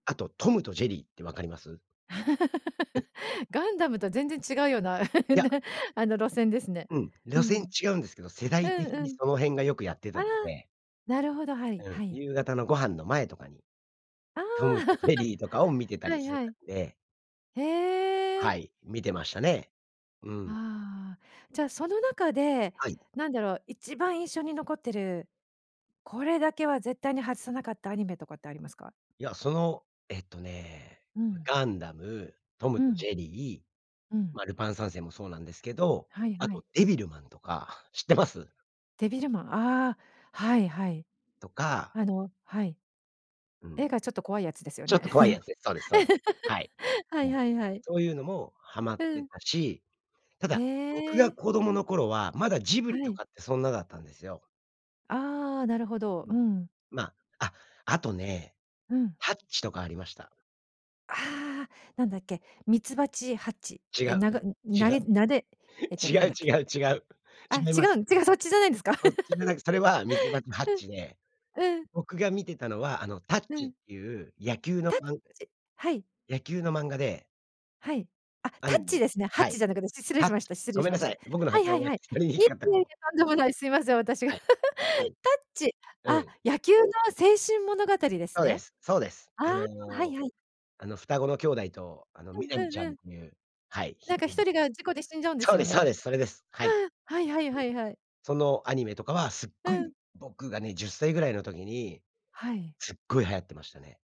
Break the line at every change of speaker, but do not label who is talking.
あとトムとジェリーって分かります？うん。
ガンダムとは全然違うような、ね、
いや、
あの路線ですね。
うん。
う
路線
ん。
違うんですけど、世
う
代
ん
的
う
に
ん。
その辺がよくやって
あ
た
あ、
ので
なるほど、はい。
うん、
はい。
夕方のご飯の前とかに、
あ
ト
あ、
ムとジェリーとかを 見てた
は
り
い
して
は
た
い。
んで
へえ。
はい、見てましたね。うん。
ああ。じゃあ、その中で、
はい。
何だろう、一番印象に残ってる、これだけは絶対に外さなかったアニメとかってありますか？
いや、その、えっとね、
うん。
ガンダム、ト
う
ムと
ん。
ジェリー、
うん。
ま、ルパン三世もそうなんですけど、
はい
あ
はい。
とデビルマンとか知ってます？
デビルマン、ああ、はいはい。
とか
あの、はい。
うん。
絵がちょっと怖いやつですよ
ちょっ
ね。
と怖いやつです。そうですそうです。はい。
はい
も
は
う、
いはい。
そういうのもハマっ
う
て
ん。
たし、た
へ
だ僕
え。
が子供の頃はまだジブ
は
リと
い。
かってそんなだったんですよ。
ああ、なるほど。
う
う
ん、
ん。
ま、あ、あとね、
うん。
ハッチとかありました。
ああ、なんだっけ、みつばちハッチ。
違う
え、
う、
なが
違
なげなでえっと
違
なん
う
だっ
違
け？
う違う
あ、
違い
違
ま
う
す。
ん違う、そっちじゃないんですか？
そっちじゃ なく、それはみつばちハッ
うん。
チで、
うん。
僕が見てたのはあの、タッ
う
チっ
ん。
ていう野球の
タッ
まん
チ、はい。
野球の漫画で
はい。あ、
ア
タ
ニ
ッ
メ
チ
で
ですね。ハッ
は
チじ
い。
ゃなくて。失礼
タッ
し
チ、
ました失
ご
礼し
めん
ま
な
し
さ
た。
い。僕の
はい
発
は
音
い
が
は
聞
い。
き取りに
い
く
えい
かった
え
か
いえ、
も。
とんでもない、すいません、私が。
は
タッ
い。はい。
チ、
う
あ、
ん。
野球の青春物語です
そうで
ね。
す。そうです。
あ
あ
あ、は
の
いはい。
あの、双子の兄弟と、あの、
うん
南
う
ち
ん
ゃ
う
ん
ん。
という、はい、
な
ひ
んかひと
[unintelligible]
りが事故で死んじゃうんで
そ
す
うで
よ
すそ
ね。
うです、それです。はい。
ああ、はいはい
う
は
ん。
いはい。
そのアニメとかはすっ
う
ご
ん。
い僕がね、10歳ぐらいの時に
はい。
すっごい流行ってましたね。